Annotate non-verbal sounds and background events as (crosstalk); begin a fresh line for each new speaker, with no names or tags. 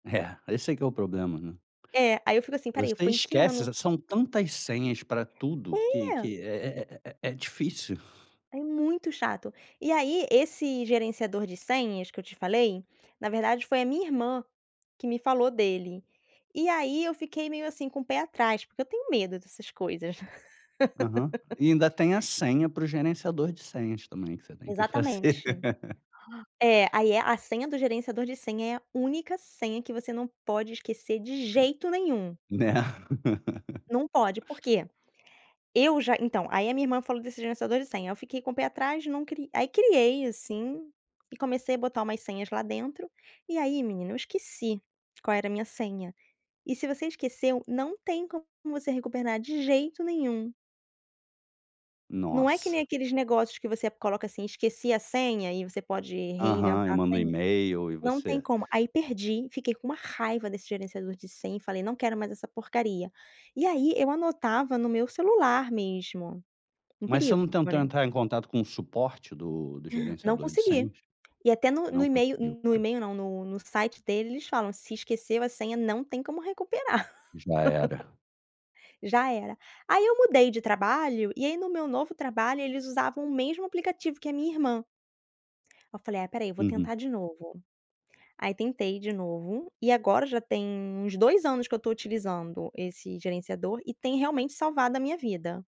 É, esse é que é o problema, né?
É, aí eu fico assim, "Espera aí
Você
foi em que ano?"
esquece, são tantas senhas pra tudo, que
É.
que é é é é difícil.
É muito chato, e aí esse gerenciador de senhas que eu te falei, na verdade foi a minha irmã, que me falou dele, e aí eu fiquei meio assim, com um pé atrás, porque eu tenho medo dessas coisas.
Aham.
(laughs)
E ainda tem a senha, para o gerenciador de senhas também, que você tem que fazer.
Exatamente.
(laughs)
É, aí é a senha do gerenciador de senha, é a única senha, que você não pode esquecer de
Hum,
jeito nenhum.
né. (chuckles)
Não pode, por quê? Eu já então aí a minha irmã falou desse gerenciador de senha, eu fiquei com um pé atrás não cri aí criei, assim, e comecei a botar umas senhas lá dentro. E aí menino, eu esqueci qual era a minha senha e, se você esqueceu, não tem como você recuperar de jeito nenhum. Não é que nem
Nossa!
aqueles negócios, que você coloca assim, esqueci a senha e você pode
Aham, eu
reinventar
mando um
senha,
email e
não
você?
tem como aí perdi, fiquei com uma raiva desse gerenciador de senha, e falei: "Não quero mais essa porcaria" e aí eu anotava no meu celular mesmo, um
Mas você
perigo
não
né.
tentou entrar em contato, com o suporte do
Não
gerenciador de
consegui
senhas?
e até no no
Não
email
conseguiu,
no
tá?
email não, no no site deles, eles falam: "Se esqueceu a senha não tem como recuperar."
Já era.
(laughs) Já era. Aí eu mudei de trabalho, e aí no meu novo trabalho, eles usavam o mesmo aplicativo que a minha irmã. Aí eu falei: "Ah espera aí eu vou
Uhum.
tentar de novo." Aí tentei de novo e agora já tem uns 2 anos, que eu estou utilizando esse gerenciador, e tem realmente salvado a minha vida.